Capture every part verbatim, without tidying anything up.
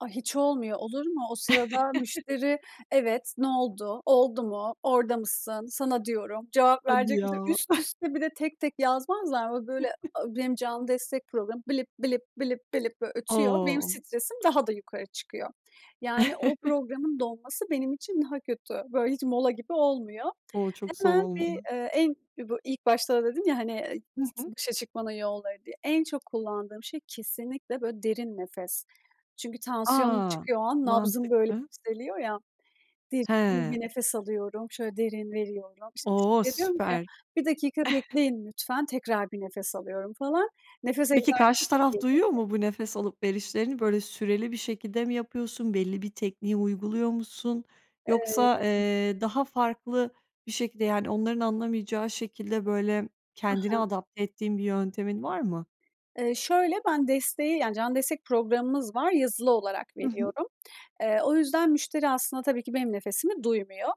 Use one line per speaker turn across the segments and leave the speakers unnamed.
A, hiç olmuyor, olur mu? O sırada müşteri, evet, "Ne oldu, oldu mu, orada mısın, sana diyorum, cevap
Hadi
verecek
ya.
misin?" üst üste bir de tek, tek yazmazlar mı? O böyle, a benim canlı destek programım blip, blip, blip, blip böyle ötüyor. Benim
O!
stresim daha da yukarı çıkıyor. Yani o programın dolması benim için daha kötü. Böyle hiç mola gibi olmuyor.
O! Çok zor
Hemen bir,
olmadı.
eee, en bu ilk başta da dedim ya, hani, eee,
Hı
s
hı.
başa çıkmanın yolları diye, en çok kullandığım şey kesinlikle böyle derin nefes. Çünkü tansiyonum
A!
çıkıyor o an, nabzım böyle
Mantıklı.
yükseliyor ya. Derin
He.
bir nefes alıyorum, şöyle derin veriyorum. İşte,
O!
müşteriye diyorum ki,
Süper.
"Bir dakika bekleyin lütfen," tekrar bir nefes alıyorum falan. Nefes
Peki, karşı
egzersizi.
taraf duyuyor
[unintelligible]
mu bu nefes alıp verişlerini? Böyle süreli bir şekilde mi yapıyorsun? Belli bir tekniği uyguluyor musun?
Eee
Yoksa, eee, daha farklı bir şekilde, yani onların anlamayacağı şekilde böyle
Hı
kendini
hı.
adapte ettiğin bir yöntemin var mı?
Eee, şöyle, ben desteği -yani canlı destek programımız var yazılı olarak
Hı hı.
veriyorum. Eee, o yüzden müşteri aslında tabii ki benim nefesimi duymuyor.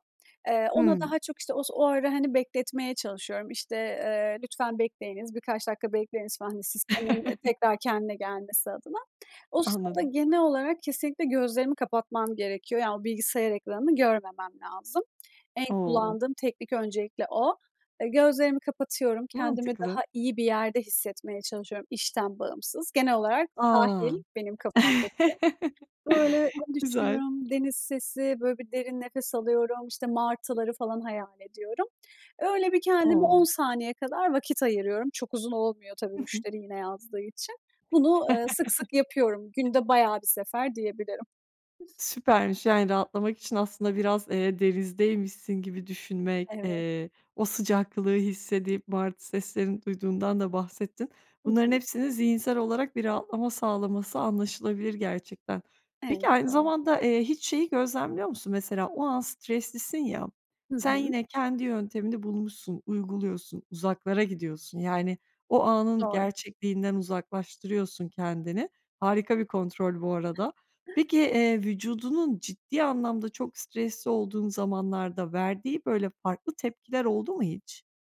Eee, ona
Hımm.
daha çok, işte, o sı o ara, hani, bekletmeye çalışıyorum. İşte, eee, "Lütfen bekleyiniz, birkaç dakika bekleyiniz," falan, hani, sistemin tekrar kendine gelmesi adına. O sırada
Anladım.
genel olarak kesinlikle gözlerimi kapatmam gerekiyor. Yani o bilgisayar ekranını görmemem lazım. En
O!
kullandığım teknik öncelikle o. Eee, gözlerimi kapatıyorum, kendimi
Mantıklı.
daha iyi bir yerde hissetmeye çalışıyorum işten bağımsız. Genel olarak sahil
A!
benim kafamdaki. Böyle
Güzel.
düşünüyorum, deniz sesi, böyle bir derin nefes alıyorum, işte, martıları falan hayal ediyorum. Öyle bir kendime on
O!
saniye kadar vakit ayırıyorum. Çok uzun olmuyor tabii
Hı hı.
müşteri yine yazdığı için. Bunu, eee, sık sık yapıyorum. Günde bayağı bir sefer diyebilirim.
Süpermiş, yani rahatlamak için aslında biraz, eee, denizdeymişsin gibi düşünmek,
Evet.
eee, o sıcaklığı hissedip martı seslerini duyduğundan da bahsettin.
Hı
Bunların
hı.
hepsini zihinsel olarak bir rahatlama sağlaması anlaşılabilir gerçekten. Peki,
Evet,
aynı
doğru.
zamanda, eee, hiç şeyi gözlemliyor musun? Mesela o an streslisin ya,
Hı
sen
hı.
yine kendi yöntemini bulmuşsun, uyguluyorsun, uzaklara gidiyorsun. Yani, o anın
Doğru.
gerçekliğinden uzaklaştırıyorsun kendini. Harika bir kontrol bu arada. Peki, eee, vücudunun ciddi anlamda çok stresli olduğun zamanlarda verdiği böyle farklı tepkiler oldu mu hiç?